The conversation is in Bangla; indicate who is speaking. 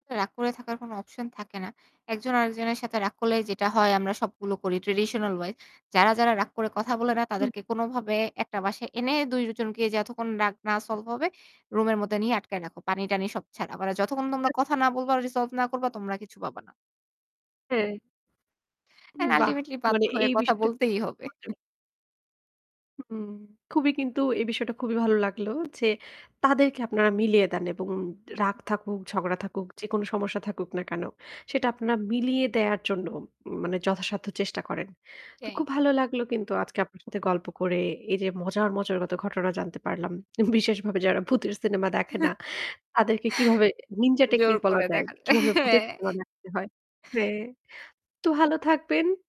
Speaker 1: রাগ করে থাকার কোন অপশন থাকে না। একজন আরেকজনের সাথে রাগ করলে যেটা হয় আমরা সবগুলো করি ট্র্যাডিশনাল ওয়াইজ। যারা, যারা রাগ করে কথা বলে না
Speaker 2: হু।
Speaker 1: তাদেরকে কোনভাবে ১ টা বাসায় এনে ২ জনকে যতক্ষণ রাগ না সলভ হবে রুমের মধ্যে নিয়ে আটকায় রাখো। পানি টানি সব ছাড়া। যতক্ষণ তোমরা কথা না বলবা আর রিসলভ না করবা তোমরা কিছু পাবা না।
Speaker 2: হ্যাঁ।
Speaker 1: অ্যান্ড
Speaker 2: বাহ!
Speaker 1: আল্টিমেটলি বাধ্য
Speaker 2: মানে
Speaker 1: হয়ে
Speaker 2: এই
Speaker 1: কথা
Speaker 2: বিষয়টা
Speaker 1: বলতেই হবে।
Speaker 2: [unintelligible] হুম, খুবই কিন্তু এই বিষয়টা খুবই ভালো লাগলো যে তাদেরকে আপনারা মিলিয়ে দেন এবং রাগ থাকুক, ঝগড়া থাকুক, যেকোন সমস্যা থাকুক না কেন, সেটা আপনারা মিলিয়ে দেয়ার জন্য মানে যথাসাধ্য চেষ্টা করেন। তো খুব
Speaker 1: [unintelligible] না।
Speaker 2: ভালো লাগলো কিন্তু আজকে আপনার সাথে গল্প করে এই যে মজার, মজার কত ঘটনা জানতে পারলাম। বিশেষভাবে যারা ভূতের সিনেমা দেখে না, তাদেরকে কিভাবে নিন্জা
Speaker 1: জোর
Speaker 2: টেকনিক বলা
Speaker 1: করে
Speaker 2: যায়।
Speaker 1: দেখা যায়।
Speaker 2: কীভাবে
Speaker 1: হ্যা।
Speaker 2: ভূতের সিনেমা দেখতে হয়। হ্যাঁ, তো ভালো থাকবেন।